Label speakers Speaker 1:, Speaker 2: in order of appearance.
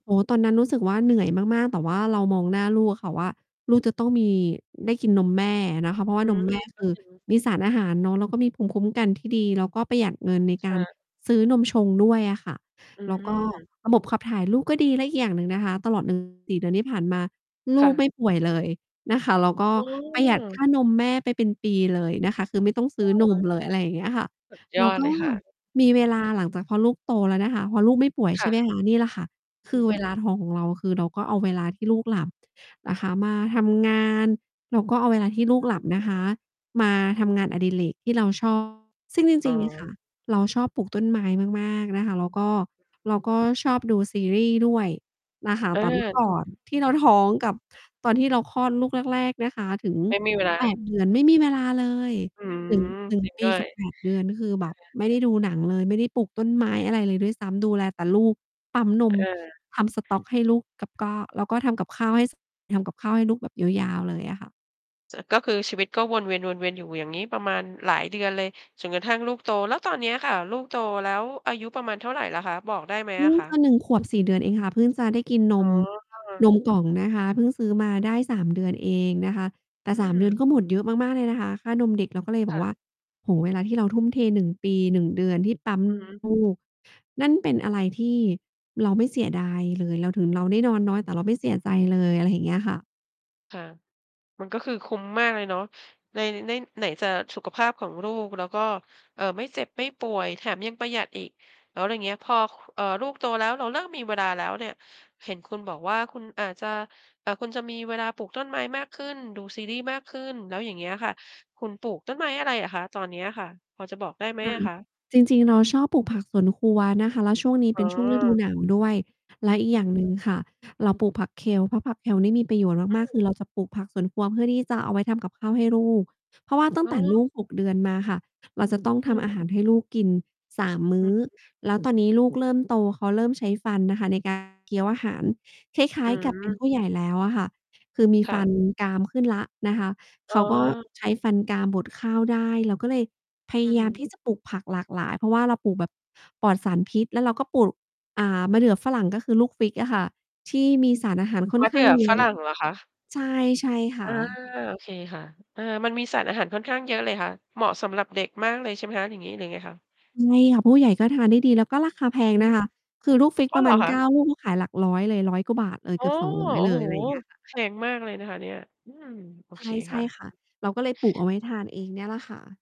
Speaker 1: โอ้โฮ ตอนนั้นรู้สึกว่า เหนื่อยมาก ๆ แต่ว่าเรามองหน้าลูกอะค่ะว่า ลูกจะต้องมี ได้กินนมแม่อะนะคะ เพราะว
Speaker 2: อ
Speaker 1: ่
Speaker 2: ื
Speaker 1: านม
Speaker 2: ม
Speaker 1: แม่
Speaker 2: ก
Speaker 1: ค
Speaker 2: ็
Speaker 1: ือ
Speaker 2: จริง
Speaker 1: มีสารอาหารเนาะ แล้วก็มีภูมิคุ้มกันที่ดี แล้วก็ประหยัดเงินในก
Speaker 2: ค
Speaker 1: า
Speaker 2: ่
Speaker 1: ร
Speaker 2: ะ
Speaker 1: ซื้อนมชงด้วยอะค่ะ
Speaker 2: อ
Speaker 1: แล้ว ก็
Speaker 2: ืม
Speaker 1: ระบบขับถ่ายลูกก็ดี แล้วอีกอย่างหนึ่งนะคะ ตลอด อือ 4 เดือนที่ผ่านมา ล
Speaker 2: ค
Speaker 1: ู
Speaker 2: ่
Speaker 1: ก
Speaker 2: ะ
Speaker 1: ไม่ป่วยเลยนะคะ แล้วก็
Speaker 2: อื
Speaker 1: ประหยัดค่
Speaker 2: ม
Speaker 1: านมแม่ไปเป็นปีเลยนะคะ คือไม่ต้องซ
Speaker 2: เอ
Speaker 1: ื้อน
Speaker 2: อ
Speaker 1: มเลย อะไรอย่างเงี้ยค่ะ
Speaker 2: สุด ย
Speaker 1: เรา
Speaker 2: อด
Speaker 1: ก
Speaker 2: เ
Speaker 1: ็
Speaker 2: ลยค่ะ อ
Speaker 1: ม
Speaker 2: ื
Speaker 1: ี
Speaker 2: อ
Speaker 1: เวลาหลังจากพอลูกโตแล้วนะคะ พอลูกไม่ป่วย
Speaker 2: ค
Speaker 1: ใช
Speaker 2: ่
Speaker 1: ่ไหม
Speaker 2: ะ
Speaker 1: คะ นี่แหละค่ะ
Speaker 2: อื
Speaker 1: ค
Speaker 2: อ
Speaker 1: ื
Speaker 2: ฮ
Speaker 1: อ
Speaker 2: ึ
Speaker 1: เวลาทองของเรา คือ เราก็เอาเวลาที่ลูกหลับนะคะมาทำงาน เราก็เอาเวลาที่ลู
Speaker 2: อ
Speaker 1: ก
Speaker 2: ือ
Speaker 1: หล
Speaker 2: ฮ
Speaker 1: ั
Speaker 2: ึ
Speaker 1: บนะคะ มาทำงานอดิเรกที่เรา ชอบ ซึ่งจ
Speaker 2: อ๋
Speaker 1: ริง ๆ นี้ค่ะ
Speaker 2: อ
Speaker 1: เราชอบปลูกต้นไม้มาก ๆ นะคะ แล้วก็ เราก็ชอบดูซีรีส์ด้วยนะคะ
Speaker 2: อ
Speaker 1: แต่ เมื่อ ก
Speaker 2: า
Speaker 1: ่อนที่เราท้องก
Speaker 2: อ
Speaker 1: ั
Speaker 2: ื
Speaker 1: บ
Speaker 2: อ
Speaker 1: ตอนที่เราคลอดลูกแรก ๆ นะคะ ถึง
Speaker 2: ไม่มี เวลา
Speaker 1: 8 เดือน ไม่มีเวลาเลย
Speaker 2: อื
Speaker 1: 1-
Speaker 2: ม
Speaker 1: 1
Speaker 2: จริง
Speaker 1: ป
Speaker 2: ด
Speaker 1: ี
Speaker 2: ้ว
Speaker 1: ก
Speaker 2: ย
Speaker 1: ับ แป
Speaker 2: เ
Speaker 1: ด เดือน คือแบบ
Speaker 2: ออ
Speaker 1: ไม่ได้ดูหนังเลย ไม่ได้ปลูกต้นไม้อะไรเลยด้วยซ้ำ ดูแลแต่ลูก ปั๊มน
Speaker 2: เ
Speaker 1: ม
Speaker 2: ออ
Speaker 1: ทำสต๊อกให้ลูก กับก็ แล้วก็ทำกับข้าวให้ ส ทำกับข้าวให้ลูกแบบยาว ๆ เลยอะค่ะ
Speaker 2: จะ ก็คือชีวิตก็วนเวียน ๆ อยู่อย่างงี้ประมาณหลายเดือนเลย จนกระทั่งลูกโต แล้วตอนเนี้ยค่ะ ลูกโตแล้วอายุประมาณเท่าไรแล้วคะ บอกได้มั้
Speaker 1: เ
Speaker 2: ย
Speaker 1: พ
Speaker 2: อ
Speaker 1: ิ่
Speaker 2: ะ
Speaker 1: ง
Speaker 2: คะ?
Speaker 1: จะ 1 ขวบ 4 เดือนเองค่ะ เพิ่งจะได้กินน
Speaker 2: อ๋
Speaker 1: ม
Speaker 2: อ ค่ะ
Speaker 1: นมกล่องนะคะ เพิ่งซื้อมาได้ 3 เดือนเองนะคะ แต่
Speaker 2: อื
Speaker 1: 3 เดือ
Speaker 2: ม
Speaker 1: นก็หมดเยอะมาก ๆ เลยนะคะค่านมเด็ก เราก็เลยบ
Speaker 2: ค
Speaker 1: อ
Speaker 2: ่
Speaker 1: กว่
Speaker 2: ะ
Speaker 1: า โอ้โฮ เวลาที่เราทุ่มเท 1 ปี 1 เดือนที่ ปั๊ม
Speaker 2: อือฮึ
Speaker 1: ลูก นั่นเป็นอะไรที่เราไม่เสียดายเลย เรา ถึงเราได้นอนน้อย แต่เราไม่เสียใจเลย อะไรอย่างเงี้ยค่ะ
Speaker 2: ค่ะ มันก็คือคุ้มมากเลยเนาะ ใน ใน่ ไหนจะสุขภาพของลูก แล้วก็ เอ่อ ไม่เจ็บไม่ป่วยแถมยังประหยัดอีก อ๋อ แล้วเงี้ย พอ ค เอ่อ ลูกโตแล้วเราเริ่มมีเวลาแล้วเนี่ย เห็นคุณบอกว่าคุณอาจจะ เอ่อ คุณจะมีเวลาปลูกต้นไม้มากขึ้น ดูซีรีส์มากขึ้น แล้วอย่างเงี้ยค่ะ คุณปลูกต้นไม้อะไรอะคะ ตอนเนี้ยค่ะ พอจะบอกได้ไหม
Speaker 1: ค่ะ
Speaker 2: อะคะ?
Speaker 1: จริง ๆ เราชอบปลูกผักสวนครัวนะคะ แล้วช่วงนี้
Speaker 2: อ
Speaker 1: เ
Speaker 2: ๋
Speaker 1: ป็นช่วงฤดู
Speaker 2: อ
Speaker 1: หนาวด้วย และอีก
Speaker 2: อ
Speaker 1: อย
Speaker 2: ือ
Speaker 1: ่างหนึ่งค่ะ เราปลูกผัก Kale เพราะผัก Kale นี่มีประโยชน์
Speaker 2: อ้า
Speaker 1: มาก
Speaker 2: ว
Speaker 1: ๆ คือเราจะปลูกผักสวนครัวเพื่อที่จะเอาไว้ทำกับข้าวให้ลูก เพราะว่าตั้
Speaker 2: อ
Speaker 1: ง
Speaker 2: ๋
Speaker 1: แต่
Speaker 2: อ
Speaker 1: ลูก 6 เดือนมาค่ะ เราจะต้อง
Speaker 2: อื
Speaker 1: ทำอา
Speaker 2: ม
Speaker 1: หารให้ลูกกิน 3 ม
Speaker 2: อ
Speaker 1: ื
Speaker 2: ื
Speaker 1: ้อ
Speaker 2: อ
Speaker 1: แล้วตอนนี้ลูกเริ่มโต เขาเริ่มใช้ฟันนะคะใน การ เคี้ยวอาหาร คล้
Speaker 2: อ
Speaker 1: า
Speaker 2: ื
Speaker 1: ย ๆ กับเป็นผ
Speaker 2: ม
Speaker 1: ู้ใหญ่แล้วอะค่ะ คือมี
Speaker 2: ค
Speaker 1: ฟ
Speaker 2: ่
Speaker 1: ัน
Speaker 2: ะ
Speaker 1: กรามขึ้นแล้วนะคะ
Speaker 2: อ๋
Speaker 1: เขา ก็
Speaker 2: อ
Speaker 1: ใช้ฟันกรามบดข้าวได้ เราก็เลยพย
Speaker 2: อื
Speaker 1: า
Speaker 2: อ
Speaker 1: ย
Speaker 2: ฮ
Speaker 1: ามท
Speaker 2: ึ
Speaker 1: ี่จะปลูกผักหลากหลาย เพราะว่าเราปลูกแบบปลอดสารพิษ แล้วเราก็ปลูก อ่า มะเดื่อฝรั่ง ก็คือลูก fig อะค่ะ ที่มีสารอาหารค่
Speaker 2: ม
Speaker 1: อน
Speaker 2: ะ
Speaker 1: ข
Speaker 2: เด
Speaker 1: ้
Speaker 2: ื
Speaker 1: า
Speaker 2: ่
Speaker 1: ง
Speaker 2: อ
Speaker 1: เย
Speaker 2: ฝ
Speaker 1: อะ
Speaker 2: รั่งเหรอคะ?
Speaker 1: ใช่ ใช่ค
Speaker 2: อ
Speaker 1: ่
Speaker 2: า
Speaker 1: ะ
Speaker 2: โอเคค่ะ เออ มันมีสารอาหารค่อนข้างเยอะเลยค่ะ เหมาะสำหรับเด็กมากเลยใช่ไหมคะ อย่างงี้ หรือไงคะ?
Speaker 1: ใช่ค่ะ ผู้ใหญ่ก็ทานได้ดี แล้วก็ราคาแพ
Speaker 2: อือ
Speaker 1: ง
Speaker 2: ฮึ
Speaker 1: นะคะ คือลูก fig
Speaker 2: อ้
Speaker 1: ป
Speaker 2: อ
Speaker 1: ร
Speaker 2: เ
Speaker 1: ะ
Speaker 2: หร
Speaker 1: มา
Speaker 2: อ
Speaker 1: ณ
Speaker 2: ค
Speaker 1: เ
Speaker 2: ะ?
Speaker 1: ก้า ลูกก็ขายหลักร้อยเลย 100 กว่าบาท เอ
Speaker 2: โ
Speaker 1: อ
Speaker 2: อ้
Speaker 1: เกือบ สองร
Speaker 2: โ
Speaker 1: ้อย
Speaker 2: อ
Speaker 1: เ
Speaker 2: ้
Speaker 1: ล
Speaker 2: โฮ
Speaker 1: ย อะไรอย่างเงี้ยค่ะ
Speaker 2: แพงมากเลยนะคะเนี่ย อืม โอ
Speaker 1: ใช
Speaker 2: เค
Speaker 1: ่ ใช
Speaker 2: ค
Speaker 1: ่
Speaker 2: ่
Speaker 1: ค่ะ
Speaker 2: ะ
Speaker 1: เราก็เลยปลูกเอาไว้ทานเองเนี่ยแหละค่ะ